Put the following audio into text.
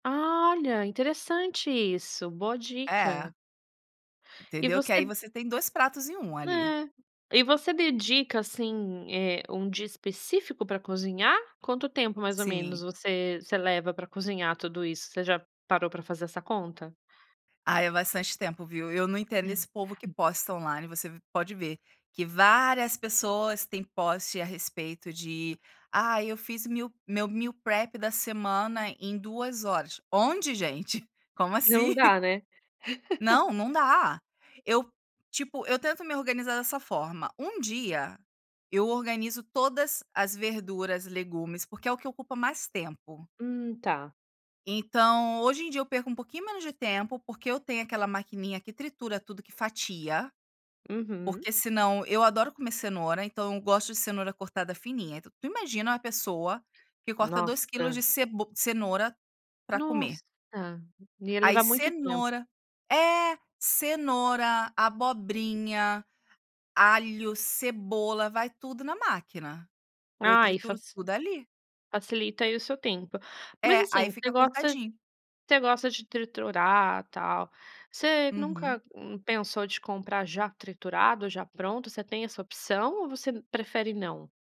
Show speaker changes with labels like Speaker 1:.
Speaker 1: Ah, olha, interessante isso, boa dica.
Speaker 2: É.
Speaker 1: E
Speaker 2: Entendeu? Que
Speaker 1: você
Speaker 2: aí você tem 2 pratos em 1 ali.
Speaker 1: É. E você dedica, assim, eh, um dia específico pra cozinhar? Quanto tempo mais ou menos
Speaker 2: Sim.
Speaker 1: você você leva pra cozinhar tudo isso? Você já parou pra fazer essa conta?
Speaker 2: Ah, é bastante tempo, viu. Eu eu não entendo esse povo que posta on-line, você v pode ver que várias pessoas têm post a respeito de: "Ai, eu fiz meal, meu meal prep da semana em 2 horas", onde gente? Como assim?
Speaker 1: Não dá, né?
Speaker 2: Não, não dá. Eu, tipo, eu tento me organizar dessa forma: 1 dia eu organizo todas as verduras, legumes, porque é o que ocupa mais tempo.
Speaker 1: Hum, tá.
Speaker 2: Então hoje em dia eu perco um pouquinho menos de tempo, porque eu tenho aquela maquininha que tritura tudo, que fatia,
Speaker 1: Uhum.
Speaker 2: porque senão eu adoro comer cenoura, então eu gosto de cenoura cortada fininha, então tu imagina uma pessoa que corta 2 quilos
Speaker 1: Nossa.
Speaker 2: de ceb cenoura pra comer.
Speaker 1: Nossa, ia
Speaker 2: Aí
Speaker 1: levar muito tempo.
Speaker 2: cenoura é, cenoura, abobrinha, alho, cebola, vai tudo na máquina. Eu
Speaker 1: Ah, aí fac
Speaker 2: trituro tudo ali.
Speaker 1: facilita aí o seu tempo. Mas,
Speaker 2: É, aí
Speaker 1: assim, você
Speaker 2: fica
Speaker 1: gosta
Speaker 2: cortadinho.
Speaker 1: você gosta de triturar, tal. Você nunca,
Speaker 2: Uhum.
Speaker 1: hum, pensou de comprar já triturado ou já pronto? Você tem essa opção ou você prefere não?